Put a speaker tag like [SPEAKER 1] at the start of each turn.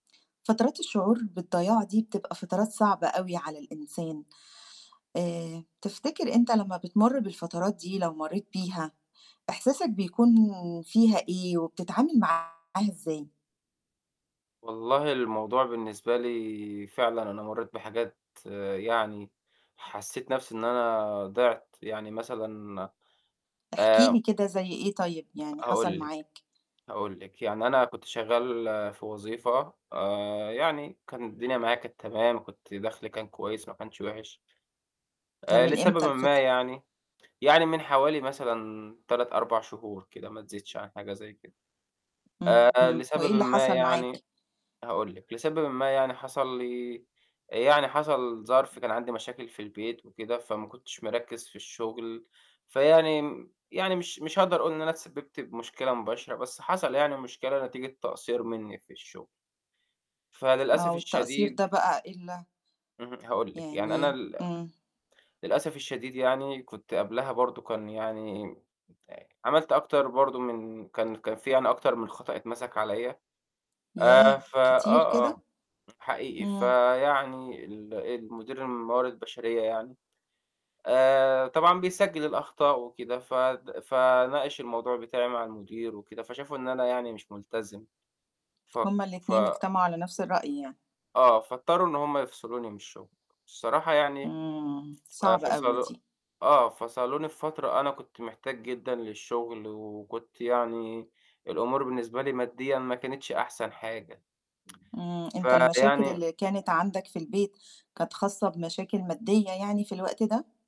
[SPEAKER 1] فترات الشعور بالضياع دي بتبقى فترات صعبة أوي على الإنسان. آآ تفتكر أنت لمّا بتمُر بالفترات دي لو مرّيت بيها، إحساسك بيكون فيها إيه وبتتعامل معاها إزاي؟
[SPEAKER 2] والله الموضوع بالنسبة لي فعلًا أنا مرّيت بحاجات يعني حسّيت نَفْسي إن أنا ضِعْت، يعني مثلًا
[SPEAKER 1] احكِ
[SPEAKER 2] آآ
[SPEAKER 1] لي كده زي إيه طيب يعني حصل
[SPEAKER 2] هاقول لِك،
[SPEAKER 1] معاك؟
[SPEAKER 2] هاقول لِك. يعني أنا كنت شغّال في وظيفة آآ يعني كان الدنيا معايا كانت تمام، كنت دَخْلي كان كويس ما كانش وحش.
[SPEAKER 1] ده
[SPEAKER 2] آآ
[SPEAKER 1] من
[SPEAKER 2] لسببٍ
[SPEAKER 1] إمتى
[SPEAKER 2] ما
[SPEAKER 1] الفترة؟
[SPEAKER 2] يعني يعني من حوالي مثلًا 3، 4 شهور كده ما تزيدش عن حاجة زي كده. آآ
[SPEAKER 1] إمم.
[SPEAKER 2] لسببٍ
[SPEAKER 1] وإيه اللي
[SPEAKER 2] ما
[SPEAKER 1] حصل معاك؟
[SPEAKER 2] يعني هاقول لِك، لسببٍ ما يعني حصل لي يعني حصل ظرف كان عندي مشاكل في البيت وكده، فما كنتش مركِّز في الشُغل. فيعني م يعني مش مش هاقدر أقول إن أنا اتسبِّبت بمشكلة مباشرة، بس حصل يعني مشكلة نتيجة تقصير مني في الشُغل.
[SPEAKER 1] آه،
[SPEAKER 2] فللأسف
[SPEAKER 1] والتقصير
[SPEAKER 2] الشديد
[SPEAKER 1] ده بقى إيه ال
[SPEAKER 2] اهم، هاقول لِك. يعني أنا
[SPEAKER 1] يعني
[SPEAKER 2] ال
[SPEAKER 1] إمم.
[SPEAKER 2] للأسف الشديد يعني كنت قبلها برضه كان يعني عملت أكتر برضه من كان كان في أنا أكتر من خطأ أتمسك عليّا، آآ
[SPEAKER 1] ياه!
[SPEAKER 2] ف
[SPEAKER 1] كتير
[SPEAKER 2] آه،
[SPEAKER 1] كده؟
[SPEAKER 2] آه. حقيقي.
[SPEAKER 1] إمم.
[SPEAKER 2] فيعني ال المدير الموارد بشرية يعني، آآ طبعًا بيسجّل الأخطاء وكده، فد فناقش الموضوع بتاعي مع المدير وكده، فشافوا إن أنا يعني مش ملتزم. ف
[SPEAKER 1] هم
[SPEAKER 2] ف
[SPEAKER 1] الاتنين اجتمعوا على نَفْس الرأي يعني.
[SPEAKER 2] آه، فاضطروا إن هم يفصلوني من الشُغل. الصراحة يعني
[SPEAKER 1] إمم.
[SPEAKER 2] ف
[SPEAKER 1] صعبة أوي
[SPEAKER 2] فصلوا
[SPEAKER 1] دي.
[SPEAKER 2] آه، فصلوني في فترة أنا كنت محتاج جدًا للشُغل وكنت يعني الأمور بالنسبة لي مادّيًا ما كانتش أحسن حاجة.
[SPEAKER 1] إمم. أنت المشاكل
[SPEAKER 2] فيعني
[SPEAKER 1] اللي كانت عندك في البيت كانت خاصة بمشاكل مادّية يعني في الوقت ده؟